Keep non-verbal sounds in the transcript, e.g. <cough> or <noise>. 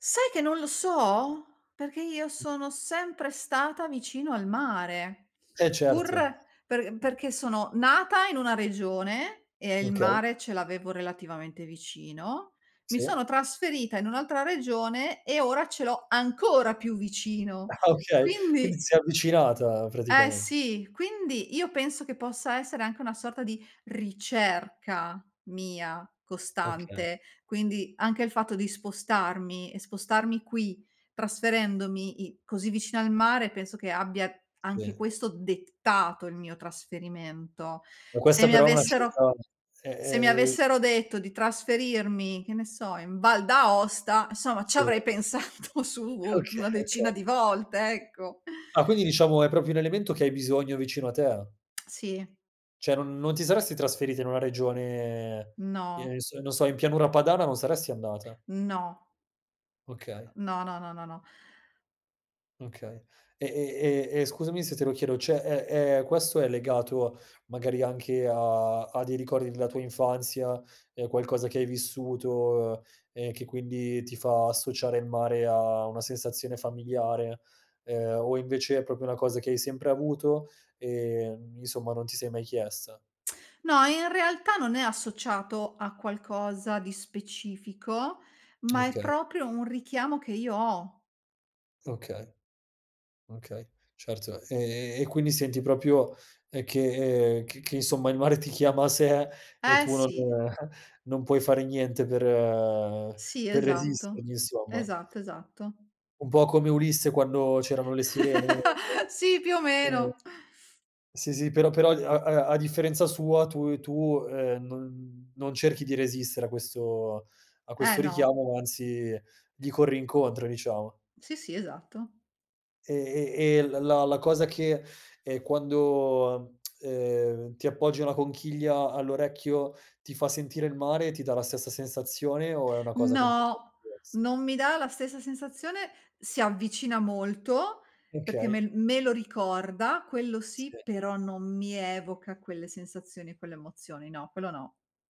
Sai che non lo so? Perché io sono sempre stata vicino al mare, Eh pur certo. per perché sono nata in una regione e il Okay. mare ce l'avevo relativamente vicino. Mi Sì. sono trasferita in un'altra regione e ora ce l'ho ancora più vicino. Ah okay. Quindi Quindi si è avvicinata, Eh praticament sì, quindi io penso che possa essere anche una sorta di ricerca, mia, Okay. costante, quindi anche il fatto di spostarmi e spostarmi qui, trasferendomi i così vicino al mare, penso che abbia, anche Sì. questo, dettato il mio trasferimento. Ma Se questa mi però è una avessero scelta, ehm, se mi ehm avessero detto di trasferirmi, che ne so, in Val d'Aosta, insomma, Sì. c'avrei pensato su u una Oka decina okay. di volte, ecco. Ah quindi diciamo è proprio un elemento che hai bisogno vicino a te? <clicks tongue> Sì. Cioè non non ti saresti trasferita in una regione, No. ehm, n s non so, in pianura padana non saresti andata? No. Okay. No, no, no, no, no. Okay. E e e e scusami se te lo chiedo, cioè è è questo è legato, magari, anche a a dei ricordi della tua infanzia, ehm, qualcosa che hai vissuto e che quindi ti fa associare il mare a una sensazione familiare, ehm, o invece è proprio una cosa che hai sempre avuto e n insomma non ti sei mai chiesta? <tsk> No, in realtà non è associato a qualcosa di specifico, ma è Okay. proprio un richiamo che io ho. Okay. Okay, certo. Ehm, e quindi senti proprio uhm, che c che insomma il mare ti chiama a sé e Eh tu non sì. <chuckles> non puoi fare niente per Sì, per esatto, resistergli insomma. esatto, esatto. Un po' come Ulisse quando c'erano le sirene. <unintelligible> <chuckles> Sì, più o Ehm meno. Sì, sì, però però a a a differenza sua tue tu, ehm, non non cerchi di resistere a questo a Eh questo no. richiamo, anzi gli corri incontro, diciamo. Sì, sì, esatto. E e e l la la cosa che, ehm, quando, <tsk> ehm, ti appoggi una conchiglia all'orecchio ti fa sentire il mare, ti dà la stessa sensazione o è una cosa completa No! divers Non mi dà la stessa sensazione, si avvicina molto, perché me Okay. l me lo ricorda, quello sì, <unintelligible> però non mi evoca quelle sensazioni e quelle emozioni. No, quello no.